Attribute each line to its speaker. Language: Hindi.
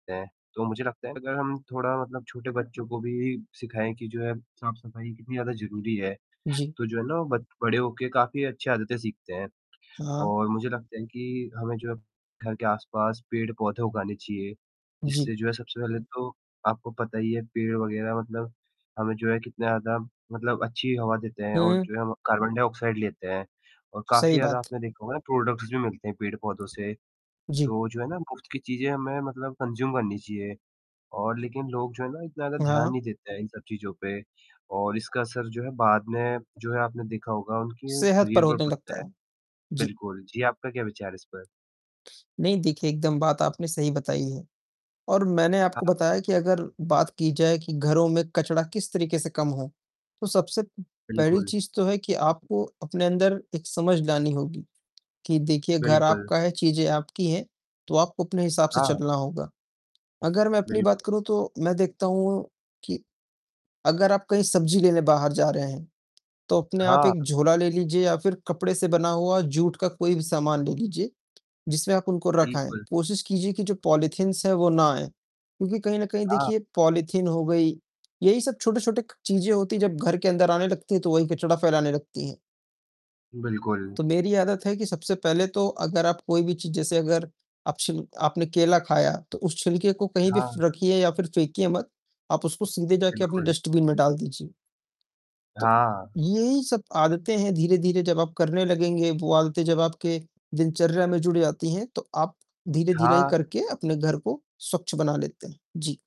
Speaker 1: ऐं तो मुझे लगता है अगर हम थोड़ा मतलब छोटे बच्चों को भी सिखाएँ कि जो है साफ़-सफ़ाई कितनी ज़्यादा ज़रूरी है,
Speaker 2: जी।
Speaker 1: तो जो है ना, बत बड़े होके काफ़ी अच्छी आदतें सीखते हैं
Speaker 2: हाँ।
Speaker 1: और मुझे लगता है कि हमें जो है घर के आसपास पेड़-पौधे उगाने चाहिए,
Speaker 2: जी।
Speaker 1: जिससे जो है सबसे पहले तो आपको पता ही है पेड़ वग़ैरह मतलब हमें जो है कितना ज़्यादा मतलब अच्छी हवा देते हैं और
Speaker 2: हुँ।
Speaker 1: जो है कार्बन डाइऑक्साइड लेते हैं और काफ़ी
Speaker 2: सही
Speaker 1: ज़्यादा
Speaker 2: बात।
Speaker 1: आपने देखा होगा प्रोडक्ट्स भी मिलते हैं पेड़-पौधों से,
Speaker 2: जी।
Speaker 1: तो जो है ना मुफ्त की चीजें हमें मतलब कंज़्यूम करनी चाहिए और लेकिन लोग जो है ना इतना ज़्यादा
Speaker 2: हाँ,
Speaker 1: ध्यान
Speaker 2: हाँ।
Speaker 1: नहीं देते हैं इन सब चीज़ों पे और इसका असर जो है बाद में जो है आपने देखा होगा उनके
Speaker 2: सेहत पर
Speaker 1: शरीर पर
Speaker 2: होने
Speaker 1: पड़ता
Speaker 2: लगता
Speaker 1: है।
Speaker 2: है। जी।
Speaker 1: बिल्कुल। जी, आपका क्या विचार है इस पर?
Speaker 2: नहीं, देखिए एकदम बात आपने सही बताई है और मैंने आपको
Speaker 1: हाँ।
Speaker 2: बताया कि अगर बात की जाए कि घरों में कचड़ा किस तरीके से कम हो तो सबसे पहली
Speaker 1: बिल्कुल।
Speaker 2: चीज तो है कि आपको अपने अंदर एक समझ लानी होगी कि देखिए घर
Speaker 1: बिल्कुल।
Speaker 2: आपका है, चीज़ें आपकी हैं तो आपको अपने हिसाब से
Speaker 1: हाँ।
Speaker 2: चलना होगा। अगर मैं अपनी
Speaker 1: बिल्कुल।
Speaker 2: बात करूँ तो मैं देखता हूँ कि अगर आप कहीं सब्जी लेने बाहर जा रहे हैं तो अपने आप
Speaker 1: हाँ।
Speaker 2: एक झोला ले लीजिए या फिर कपड़े से बना हुआ जूट का कोई भी सामान ले लीजिए जिसमें आप उनको रखें आएँ,
Speaker 1: बिल्कुल।
Speaker 2: कोशिश कीजिए कि जो पॉलिथीनस है वो ना आएँ क्योंकि कहीं न कहीं
Speaker 1: हाँ।
Speaker 2: देखिए पॉलिथीन हो गई, यही सब छोटे-छोटे क चीजें होती हैं जब घर के अंदर आने लगती हैं तो वही कचड़ा फैलाने लगती हैं।
Speaker 1: बिल्कुल।
Speaker 2: तो मेरी आदत है कि सबसे पहले तो अगर आप कोई भी चीज़ जैसे अगर आप छिल आपने केला खाया तो उस छिलके को कहीं भी फ़
Speaker 1: हाँ।
Speaker 2: रखिए या फिर फेंकिए मत। आप उसको सीधे जाके अपने
Speaker 1: बिल्कुल।
Speaker 2: डस्टबिन में डाल दीजिए। तो,
Speaker 1: हाँ।
Speaker 2: यही सब आदतें हैं धीरे-धीरे जब आप करने लगेंगे वो आदतें जब आपके दिनचर्या में जुड़ जाती हैं, तो आप धीरे-धीरे
Speaker 1: हाँ।
Speaker 2: करके अपने घर को स्वच्छ बना लेते हैं। जी।